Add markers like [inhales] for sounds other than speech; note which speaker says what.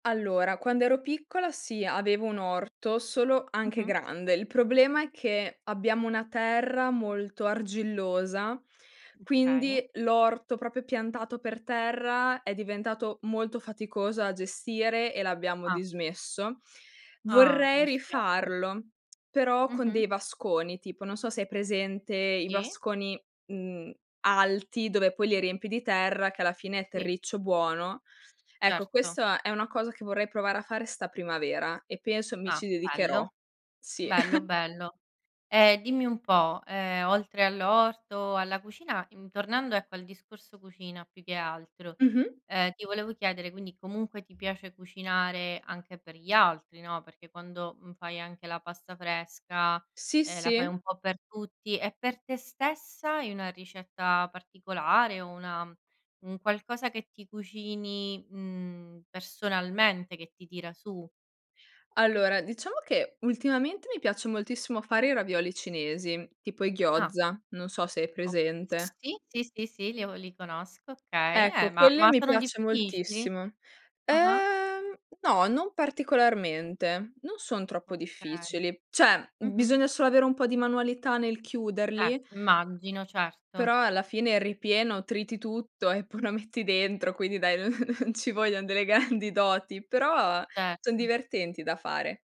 Speaker 1: Allora, quando ero piccola sì, avevo un orto, solo anche
Speaker 2: Mh-mh.
Speaker 1: grande, il problema è che abbiamo una terra molto argillosa,
Speaker 2: Okay.
Speaker 1: quindi [breath] l'orto proprio piantato per terra è diventato molto faticoso a gestire e l'abbiamo
Speaker 2: Ah.
Speaker 1: dismesso. [inhales]
Speaker 2: Ah,
Speaker 1: Vorrei
Speaker 2: mi spiace.
Speaker 1: rifarlo, [clicks tongue] però con
Speaker 2: Mh-mh.
Speaker 1: dei vasconi, tipo, non so se hai presente i
Speaker 2: Sì.
Speaker 1: vasconi, uhm, alti dove poi li riempi di terra, che alla fine è
Speaker 2: Sì.
Speaker 1: terriccio buono. Ecco,
Speaker 2: Certo.
Speaker 1: questa è una cosa che vorrei provare a fare 'sta primavera e penso mi
Speaker 2: Ah.
Speaker 1: ci dedicherò.
Speaker 2: Bello.
Speaker 1: Sì.
Speaker 2: Bello,
Speaker 1: [chuckles]
Speaker 2: bello. Ehm, dimmi un po', ehm, oltre all'orto, alla cucina, in tornando ecco al discorso cucina più che altro,
Speaker 1: Mh-mh.
Speaker 2: ehm, ti volevo chiedere quindi comunque ti piace cucinare anche per gli altri, no, perché quando, mhmm, fai anche la pasta fresca,
Speaker 1: Sì
Speaker 2: ehm, la fai
Speaker 1: sì.
Speaker 2: un po' per tutti. E per te stessa, hai una ricetta particolare o una un qualcosa che ti cucini, uhm, personalmente, che ti tira su?
Speaker 1: Allora, diciamo che ultimamente mi piace moltissimo fare i ravioli cinesi, tipo i
Speaker 2: Ah.
Speaker 1: gyoza, non so se hai
Speaker 2: O
Speaker 1: presente.
Speaker 2: sì, sì, sì, sì, li avo li conosco. Okay,
Speaker 1: Ecco,
Speaker 2: eh ma
Speaker 1: quelle
Speaker 2: ma
Speaker 1: mi
Speaker 2: sono
Speaker 1: piace
Speaker 2: difficili?
Speaker 1: moltissimo.
Speaker 2: Ah-ah.
Speaker 1: Ehm, no, non particolarmente, non son troppo
Speaker 2: Okay.
Speaker 1: difficili. Cioè,
Speaker 2: Mh-mh.
Speaker 1: bisogna solo avere un po' di manualità nel
Speaker 2: Eh,
Speaker 1: chiuderli
Speaker 2: immagino, certo.
Speaker 1: però alla fine il ripieno, triti tutto e poi lo metti dentro, quindi dai, non [chuckles] non ci voglion delle grandi doti, però [breath] son
Speaker 2: Certo.
Speaker 1: divertenti da fare.